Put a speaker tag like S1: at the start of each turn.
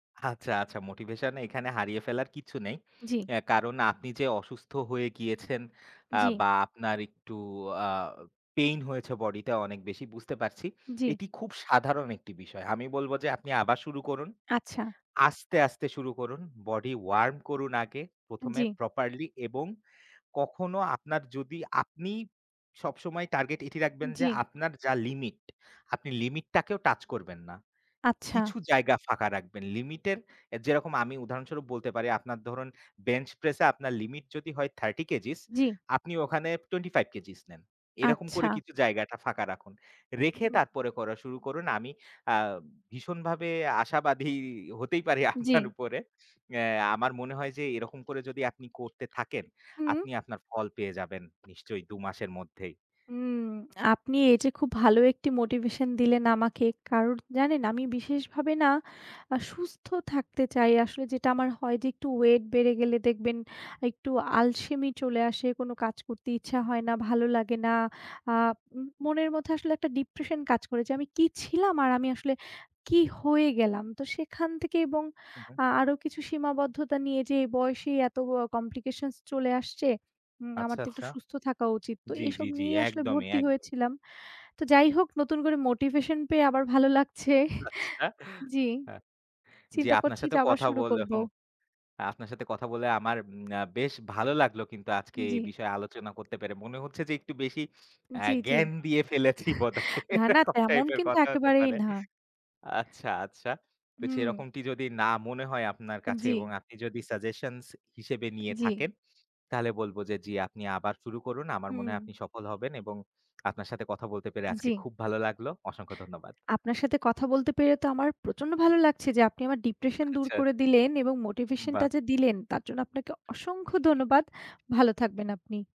S1: আচ্ছা, আচ্ছা, motivation এখানে হারিয়ে ফেলার কিছু নেই।
S2: জ্বি।
S1: অ্যা কারণ আপনি যে অসুস্থ হয়ে গিয়েছেন, আ
S2: জ্বি।
S1: বা আপনার একটু আ পেইন হয়েছে বডিতে অনেক বেশি বুঝতে পারছি।
S2: জ্বি।
S1: এটি খুব সাধারণ একটি বিষয়। আমি বলব যে আপনি আবার শুরু করুন।
S2: আচ্ছা।
S1: আস্তে, আস্তে, শুরু করুন। Body Warm করুন আগে ১ম এ
S2: জ্বি।
S1: properly এবং কখনো আপনার যদি আপনি সবসময় টার্গেট এটি রাখবেন যে
S2: জ্বি।
S1: আপনার যা লিমিট, আপনি লিমিট টাকেও টাচ করবেন না।
S2: আচ্ছা।
S1: কিছু জায়গা ফাঁকা রাখবেন। লিমিটের এ যেরকম আমি উদাহরণস্বরূপ বলতে পারি, আপনার ধরুন বেঞ্চ প্রেস এ আপনার লিমিট যদি হয় 30 কেজিস
S2: জ্বি।
S1: আপনি ওখানে 25 কেজিস নেন। এরকম করে
S2: আচ্ছা।
S1: কিছু জায়গাটা ফাঁকা রাখুন। রেখে
S2: হুম।
S1: তারপরে করা শুরু করুন। আমি আ ভীষণভাবে আশাবাদী হতেই পারি আপনার
S2: জ্বি।
S1: উপরে। অ্যা আমার মনে হয় যে এরকম করে যদি আপনি করতে থাকেন,
S2: হুম।
S1: আপনি আপনার ফল পেয়ে যাবেন নিশ্চয়ই দু মাসের মধ্যেই।
S2: উম আপনি এই যে খুব ভালো ১ টি motivation দিলেন আমাকে। কারণ জানেন আমি বিশেষভাবে না আ সুস্থ থাকতে চাই। আসলে যেটা আমার হয় যে একটু ওয়েট বেড়ে গেলে দেখবেন একটু আলসেমি চলে আসে কোনো কাজ করতে ইচ্ছা হয় না ভালো লাগে না, আ মু মনের মধ্যে আসলে ১ টা ডিপ্রেশন কাজ করে যে আমি কী ছিলাম? আর আমি আসলে কী হয়ে গেলাম? তো সেখান থেকে এবং
S1: হু, হু।
S2: আ আরো কিছু সীমাবদ্ধতা নিয়ে যে বয়সেই এত অ Complications চলে আসছে। উম আমার
S1: আচ্ছা,
S2: তো একটু
S1: আচ্ছা।
S2: সুস্থ থাকা উচিত। তো
S1: জ্বি,
S2: এইসব
S1: জ্বি, জ্বি,
S2: নিয়েই আসলে
S1: একদমই,
S2: ভর্তি
S1: একদমই।
S2: হয়েছিলাম। তো যাই হোক নতুন করে মোটিভেশন পেয়ে আবার ভালো লাগছে
S1: আচ্ছা।
S2: জি।
S1: আ জি
S2: চিন্তা
S1: আপনার
S2: করছি
S1: সাথে
S2: যে আবার
S1: কথা
S2: শুরু
S1: বলে
S2: করব।
S1: হুম, আপনার সাথে কথা বলে আমার এম বেশ ভালো লাগলো কিন্তু আজকে এই
S2: জ্বি।
S1: বিষয়ে আলোচনা করতে পেরে। মনে হচ্ছে যে একটু বেশি আ
S2: জ্বি, জ্বি।
S1: জ্ঞান দিয়ে ফেলেছি বোধহয়।
S2: না, না
S1: এরকম
S2: তেমন
S1: টাইপের
S2: কিন্তু
S1: কথা হতে
S2: একেবারেই
S1: পারে।
S2: না।
S1: আচ্ছা, আচ্ছা। তো
S2: হুম।
S1: সেরকমটি যদি না মনে হয় আপনার কাছে এবং
S2: জ্বি।
S1: আপনি যদি সাজেশনস হিসেবে নিয়ে
S2: জ্বি।
S1: থাকেন। তাহলে বলব যে, জি আপনি আবার শুরু করুন। আমার মনে
S2: হুম।
S1: হয় আপনি সফল হবেন এবং আপনার সাথে কথা বলতে পেরে আজকে
S2: জ্বি।
S1: খুব ভালো লাগলো। অসংখ্য ধন্যবাদ।
S2: আপনার সাথে কথা বলতে পেরে তো আমার প্রচন্ড ভালো লাগছে যে আপনি আমার ডিপ্রেশন দূর
S1: আচ্ছা।
S2: করে দিলেন এবং motivation টা
S1: বাহ!
S2: যে দিলেন, তার জন্য আপনাকে অসংখ্য ধন্যবাদ। ভালো থাকবেন আপনি।